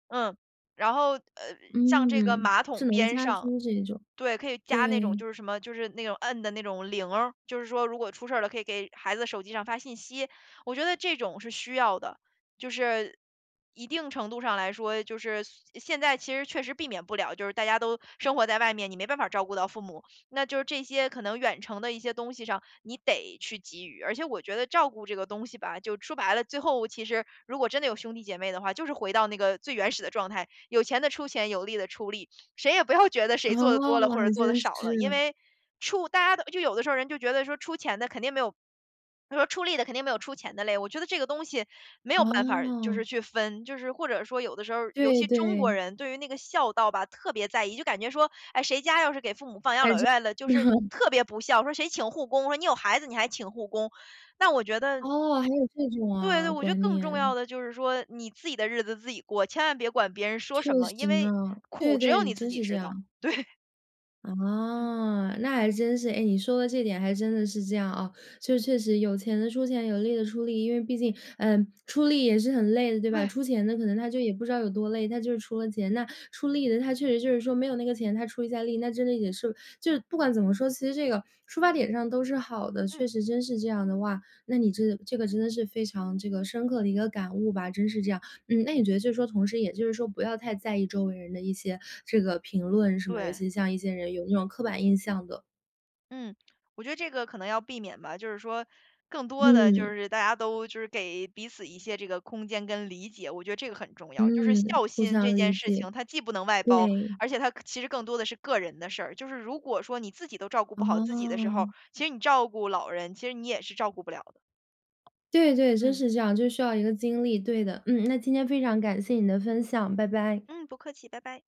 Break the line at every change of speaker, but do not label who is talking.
嗯，然后，呃，像这个
嗯，
马
智
桶
能
边
家
上
居这种。
对，可以加那种
对。
就是什么，就是那种摁的那种铃儿。就是说如果出事了，可以给孩子手机上发信息，我觉得这种是需要的。就是，一定程度上来说，就是，现现在其实确实避免不了，就是大家都生活在外面，你没办法照顾到父母。那就是这些可能远程的一些东西上，你得去给予。而且我觉得照顾这个东西吧，就说白了，最后其实如果真的有兄弟姐妹的话，就是回到那个最原始的状态，有钱的出钱，有力的出力。谁也不要觉得
哦！
谁做得多了，或者
还
做得
真
少了。因
是。
为，出大家的就有的时候人就觉得说出钱的肯定没有他说出力的肯定没有出钱的累，我觉得这个东西没有办法儿就
哦！
是去分，就是或者说有的时候儿尤
对
其中国
对。
人，对于那个孝道吧，特别在意。就感觉说，哎，谁家要是给父母放养
还
老
真
院了，就是 特别不孝，说谁请护工，说你有孩子，你还请护工，但我觉得
哦！还有这种
对
哇，
对，我觉得
观
更重要
念。
的就是说你自己的日子自己过，千万别管别人说
确
什么，因
实
为，
呢。
苦
对
只有
对，
你自
真
己
是这
知道。
样。
对。嗯。
哦，那还真是。诶，你说的这点还真的是这样，嗯。确确实有钱的出钱，有力的出力，因为毕竟，嗯，出力也是很累的，对吧。
对。
出钱的可能他就也不知道有多累，他就出了钱。那出力的他确实就是说没有那个钱他出一下力，那真的也是就是不管怎么说，其实这个出发点上都是好的，
嗯。
确实真是这样的。哇，那你这个这个真的是非常这个深刻的一个感悟吧，真是这样。嗯，那你觉得就说同时也就是说不要太在意周围人的一些这个评论什么，尤
对。
其像一些人有那种刻板印象的。
嗯，我觉得这个可能要避免吧，就是说，更多的，就
嗯。
是大家都就是给彼此一些这个空间跟理解，我觉得这个很重要。就是
嗯，
孝
互
心这
相
件
理
事
解，
情，它既不能外包，
对。
而且它可其实更多的是个人的事儿。就是如果说你自己都照顾不好自己的时候，
哦！
其实你照顾老人，其实你也是照顾不了的。
对对，真
嗯。
是这样，就需要一个精力，对的。嗯，那今天非常感谢你的分享，拜拜。
嗯，不客气，拜拜。